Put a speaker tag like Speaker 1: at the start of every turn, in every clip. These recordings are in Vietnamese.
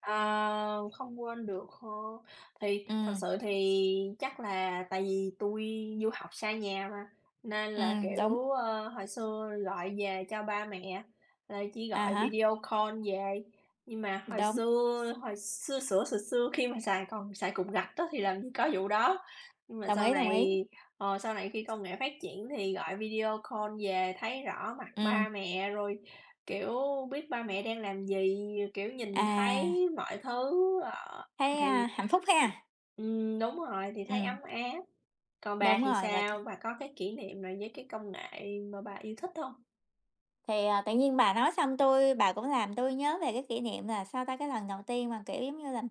Speaker 1: Ờ, không quên được hơ, thì thật
Speaker 2: Ừm.
Speaker 1: sự thì chắc là tại vì tui du học xa nhà mà, nên là,
Speaker 2: Ừm, đúng.
Speaker 1: kiểu, ơ, hồi xưa gọi về cho ba mẹ, là chỉ
Speaker 2: À
Speaker 1: gọi
Speaker 2: há.
Speaker 1: video call về. Nhưng mà hồi
Speaker 2: Đúng.
Speaker 1: xưa hồi xưa xửa xừa xưa khi mà xài còn xài cục gạch á thì làm gì có vụ đó, nhưng mà
Speaker 2: Đồng
Speaker 1: sau
Speaker 2: ý, đồng
Speaker 1: này,
Speaker 2: ý!
Speaker 1: ờ, sau này khi công nghệ phát triển thì gọi video call về thấy rõ mặt
Speaker 2: Ừm.
Speaker 1: ba mẹ rồi, kiểu, biết ba mẹ đang làm gì, r kiểu, nhìn
Speaker 2: À.
Speaker 1: thấy mọi thứ, ờ,
Speaker 2: Thấy,
Speaker 1: thì
Speaker 2: a, hạnh phúc ha.
Speaker 1: ừm, đúng rồi, thì thấy
Speaker 2: Ừm.
Speaker 1: ấm áp. Còn bà
Speaker 2: Đúng
Speaker 1: thì
Speaker 2: rồi, và t
Speaker 1: sao? Bà có cái kỷ niệm nào với cái công nghệ mà bà yêu thích hông?
Speaker 2: Thì, à, tự nhiên bà nói xong tui bà cũng làm tui nhớ về cái kỷ niệm là, sao ta, cái lần đầu tiên mà, kiểu giống như là,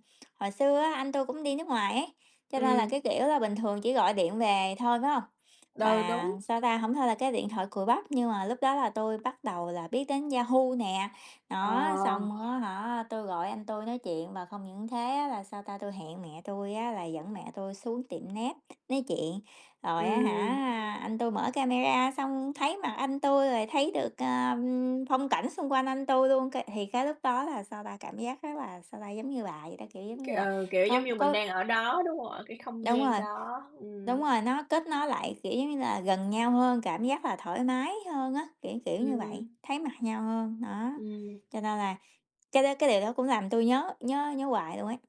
Speaker 2: hồi xưa á, anh tui cũng đi nước ngoài ấy, cho nên là,
Speaker 1: Ừm.
Speaker 2: cái kiểu là, bình thường chỉ gọi điện về thôi, phải hông?
Speaker 1: Ừ,
Speaker 2: Và,
Speaker 1: đúng.
Speaker 2: sao ta, hông thôi là cái điện thoại cùi bắp, nhưng mà lúc đó là tui bắt đầu là biết đến Yahoo nè, đó.
Speaker 1: Ờ.
Speaker 2: Xong á hả, tui gọi anh tui nói chuyện và không những thế á, là sao ta, tui hẹn mẹ tui á là dẫn mẹ tui xuống tiệm net nói chuyện. Rồi á
Speaker 1: Ừm.
Speaker 2: hả, anh tui mở camera xong thấy mặt anh tui rồi thấy được, ơ, phong cảnh xung quanh anh tui luôn cái thì cái lúc đó là, sao ta, cảm giác rất là, sao ta, giống như bà vậy đó, kiểu, giống như là
Speaker 1: Ừ, kiểu,
Speaker 2: có
Speaker 1: giống như mình
Speaker 2: có
Speaker 1: đang ở đó, đúng hông? Ở cái không
Speaker 2: Đúng
Speaker 1: gian
Speaker 2: rồi,
Speaker 1: đó,
Speaker 2: đúng
Speaker 1: ừm.
Speaker 2: rồi, nó kết nối lại, kiểu giống như là, gần nhau hơn, cảm giác là thoải mái hơn á, kiểu, kiểu, như vậy,
Speaker 1: Ừm.
Speaker 2: thấy mặt nhau hơn, đó,
Speaker 1: Ừm.
Speaker 2: cho nên là cái đó cái điều đó cũng làm tui nhớ nhớ nhớ hoài luôn ấy.